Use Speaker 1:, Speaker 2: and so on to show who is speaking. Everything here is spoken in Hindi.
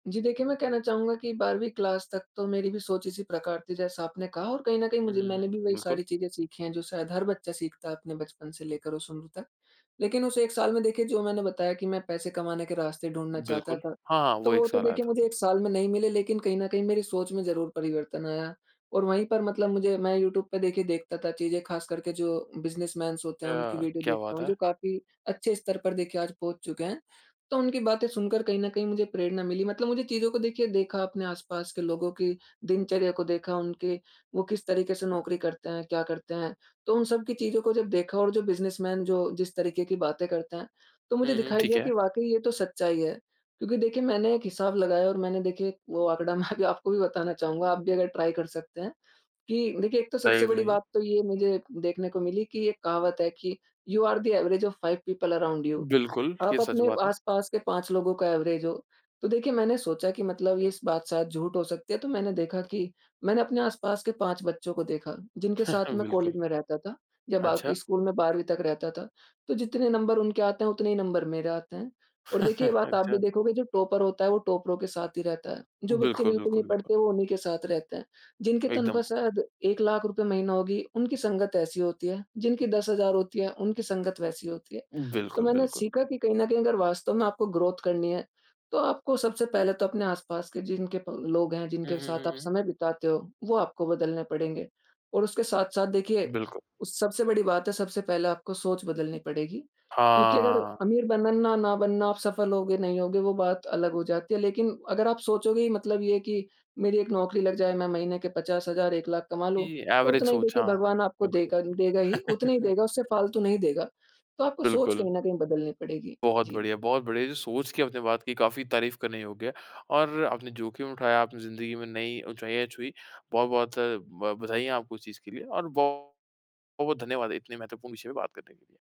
Speaker 1: जी, देखिए मैं कहना चाहूँगा कि 12वीं क्लास तक तो मेरी भी सोच इसी प्रकार थी जैसा आपने कहा और कहीं न कहीं
Speaker 2: हुँ,
Speaker 1: मुझे
Speaker 2: हुँ,
Speaker 1: मैंने भी
Speaker 2: हुँ,
Speaker 1: वही
Speaker 2: बिल्कुल।
Speaker 1: सारी चीजें सीखी हैं जो शायद हर बच्चा सीखता है अपने बचपन से लेकर उस उम्र तक। लेकिन उस 1 साल में देखिए जो मैंने बताया कि मैं पैसे कमाने के रास्ते ढूँढ़ना चाहता
Speaker 2: बिल्कुल।
Speaker 1: था,
Speaker 2: हाँ, हाँ
Speaker 1: तो
Speaker 2: वो 1
Speaker 1: वो तो
Speaker 2: साल आया
Speaker 1: देखिए
Speaker 2: था।
Speaker 1: मुझे 1 साल में नहीं मिले लेकिन कहीं न कहीं मेरी सोच में ज़रूर परिवर्तन आया। और वहीं पर मतलब मुझे मैं यूट्यूब पे देखिए, देखता था चीज़ें खास करके जो बिजनेसमैन्स होते
Speaker 2: अ,
Speaker 1: हैं, उनकी वीडियो
Speaker 2: क्या
Speaker 1: देखता
Speaker 2: बात
Speaker 1: हूँ
Speaker 2: है!
Speaker 1: जो काफ़ी अच्छे स्तर पर देखिए आज पहुँच चुके हैं। तो, उनकी बातें सुनकर कहीं न कहीं मुझे प्रेरणा मिली मतलब मुझे चीज़ों को देखिए देखा अपने आस-पास के लोगों की दिनचर्या को देखा, उनके वो किस तरीके से नौकरी करते हैं, क्या करते हैं? तो उन सब की चीज़ों को जब देखा और जो बिजनेसमैन जो जिस तरीके की बातें करते हैं, तो मुझे
Speaker 2: हुँ, हुँ,
Speaker 1: दिखाई
Speaker 2: ठीक
Speaker 1: दिया कि
Speaker 2: है।
Speaker 1: वाक़ई ये तो सच्चाई है। क्योंकि देखिए मैंने एक हिसाब लगाया और मैंने देखिए वो आँकड़ा मैं अभी आपको भी बताना चाहूँगा, आप भी अगर ट्राई कर सकते हैं, कि देखिए एक तो सबसे बड़ी
Speaker 2: [unintelligible]
Speaker 1: बात तो ये मुझे देखने को मिली कि एक कहावत है कि "you are the average of five people around you."
Speaker 2: बिल्कुल, ये
Speaker 1: आप
Speaker 2: सच
Speaker 1: अपने
Speaker 2: बात है।
Speaker 1: आसपास के 5 लोगों का एवरेज हो, तो देखिए मैंने सोचा कि मतलब ये इस बात शायद झूठ हो सकती है तो मैंने देखा कि मैंने अपने आसपास के 5 बच्चों को देखा, जिनके साथ मैं
Speaker 2: बिल्कुल।
Speaker 1: कॉलेज में रहता था, या बाकी
Speaker 2: अच्छा।
Speaker 1: स्कूल में 12वीं तक रहता था, तो जितने नंबर उनके आते हैं उतने ही नंबर मेरे आते हैं। और देखिए, ये बात आप भी
Speaker 2: अच्छा।
Speaker 1: देखोगे जो टॉपर होता है वो टॉपरों के साथ ही रहता है, जो बच्चे
Speaker 2: बिल्कुल,
Speaker 1: बिल्कुल
Speaker 2: बिल्कुल,
Speaker 1: नहीं
Speaker 2: बिल्कुल।
Speaker 1: पढ़ते वो उन्हीं के साथ रहते हैं। जिनके
Speaker 2: एकदम।
Speaker 1: तनख्वाह शायद ₹1,00,000 रूपये महीना होगी, उनकी संगत ऐसी होती है, जिनकी 10,000 होती है उनकी संगत वैसी होती है। तो
Speaker 2: बिल्कुल,
Speaker 1: मैंने
Speaker 2: बिल्कुल।
Speaker 1: सीखा कि कहीं न कहीं अगर वास्तव में आपको ग्रोथ करनी है, तो आपको सबसे पहले तो अपने आस-पास के जिनके प लोग हैं,
Speaker 2: हुँ,
Speaker 1: जिनके
Speaker 2: हुँ,
Speaker 1: साथ आप
Speaker 2: हुँ, हुँ।
Speaker 1: समय बिताते हो, वो आपको बदलने पड़ेंगे। और उसके साथ-साथ देखिए,
Speaker 2: बिल्कुल।
Speaker 1: उ सबसे बड़ी बात है, सबसे पहले आपको सोच बदलनी पड़ेगी, क्योंकि अगर
Speaker 2: हाँ।
Speaker 1: अमीर बनना ना ना बनना, आप सफल होंगे नहीं होंगे वो बात अलग हो जाती है लेकिन अगर आप सोचोगे ही मतलब ये है कि मेरी एक नौकरी लग जाए, मैं महीने के 50,000, 1,00,000 कमा
Speaker 2: कि
Speaker 1: लूँ, तो
Speaker 2: एवरेज
Speaker 1: उतना ही
Speaker 2: सोच
Speaker 1: देखिए
Speaker 2: हाँ,
Speaker 1: भगवान आपको
Speaker 2: बिल्कुल।
Speaker 1: देगा देगा ही उतना ही देगा, उससे फालतू नहीं देगा। तो आपको सोच
Speaker 2: बिल्कुल।
Speaker 1: कहीं न कहीं बदलनी पड़ेगी।
Speaker 2: बहुत
Speaker 1: जी।
Speaker 2: बढ़िया, बहुत बढ़िया है। जो सोच की अपने बात की काफ़ी तारीफ़ करने योग्य है और आपने जोख़िम उठाया, आपने ज़िंदगी में नई ऊँचाई छुई, बहुत-बहुत अ, ब बधाईयाँ है आपको उस चीज़ के लिए और बौ बहुत-बहुत धन्यवाद है इतने महत्वपूर्ण विषय पे बात करने के लिए।